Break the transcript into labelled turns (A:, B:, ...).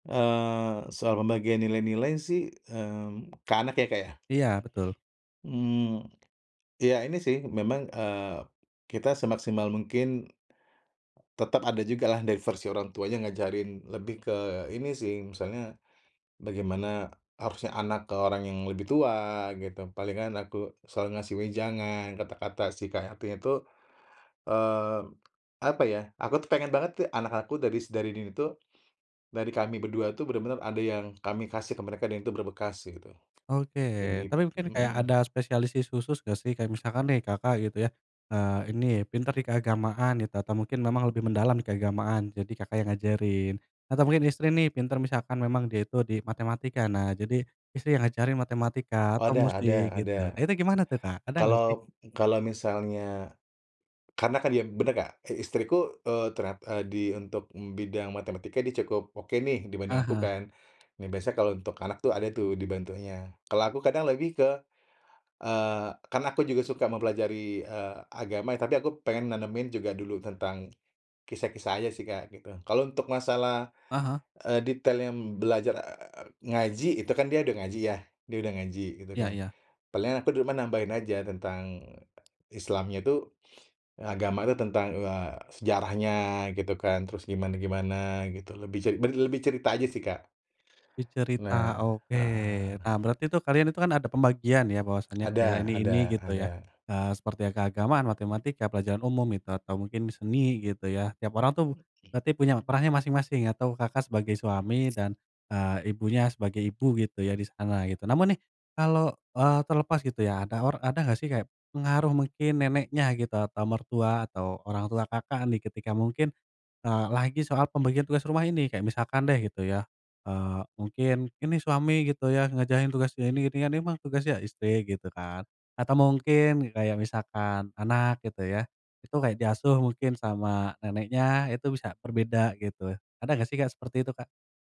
A: Eee, soal pembagian nilai-nilai sih, mmm, ke anak ya, Kak, ya?
B: Iya, betul.
A: Mmm, iya ini sih memang, eee, kita semaksimal mungkin tetep ada jugalah dari versi orang tuanya ngajarin lebih ke ini sih misalnya, bagaimana harusnya anak ke orang yang lebih tua gitu, palingan aku selalu ngasih wejangan kata-kata supaya hatinya itu, eee, apa ya aku tuh pengen banget te anak aku daris dari diri tuh, dari kami berdua itu benar-benar ada yang kami kasih ke mereka dan itu berbekas kayak gitu.
B: Oke,
A: Dan dib
B: tapi mungkin kayak
A: mhm.
B: ada spesialisasi khusus gak sih? Kayak misalkan nih Kakak gitu ya, eee, ini pintar di keagamaan gitu atau mungkin memang lebih mendalam di keagamaan, jadi Kakak yang ngajarin. Atau mungkin istri nih pintar misalkan memang dia itu di matematika, nah jadi istri yang ngajarin matematika
A: Oh
B: atau
A: ada
B: musik
A: ada ada.
B: gitu. Nah itu gimana tuh, Kak? Ada gak sih?
A: Kalau kalau misalnya karena kan dia bener gak? Si istriku, eee, ternyat eee, di untuk, mmm, bidang matematika dia cukup oke nih dibanding aku
B: Aha.
A: kan. Nah biasa kalau untuk anak tuh ada tuh dibantunya. Kalau aku kadang lagi ke eee, karena aku juga suka mempelajari, eee, agama ya tapi aku pengen nanemin juga dulu tentang kisah-kisah aja sih, Kak, gitu. Kalau untuk masalah,
B: Aha.
A: eee, detailnya, mmm, belajar, eee, ngaji itu kan dia udah ngaji ya, dia udah ngaji gitu
B: Iya
A: kan.
B: iya.
A: Paling aku di rumah nambahin aja tentang Islamnya itu, agama itu tentang, eee, sejarahnya gitu kan, terus gimana-gimana gitu lebih cer ber lebih cerita aja sih, Kak.
B: Dicerita,
A: Nah.
B: oke.
A: Heeh.
B: Nah, berarti tuh kalian itu kan ada pembagian ya bahwasannya kayak
A: Ada
B: ini ini
A: ada
B: gitu ya.
A: ada.
B: Eee, seperti keagamaan, matematika, pelajaran umum itu, atau mungkin seni gitu ya. Tiap orang tuh
A: Oke.
B: berarti punya perannya masing-masing atau Kakak sebagai suami dan, eee, ibunya sebagai ibu gitu ya di sana gitu. Namun nih, kalau, eee, terlepas gitu ya, ada or ada gak sih kayak pengaruh mungkin neneknya gitu atau mertua atau orang tua Kakak nih ketika mungkin, eee, lagi soal pembagian tugas rumah ini? Kayak misalkan deh gitu ya, eee, mungkin ini suami gitu ya ngerjain tugas ini ini kan emang tugas ya istri gitu kan atau mungkin gi kayak misalkan anak gitu ya, itu kayak diasuh mungkin sama neneknya, itu bisa berbeda gitu. Ada gak sih, Kak, seperti itu, Kak?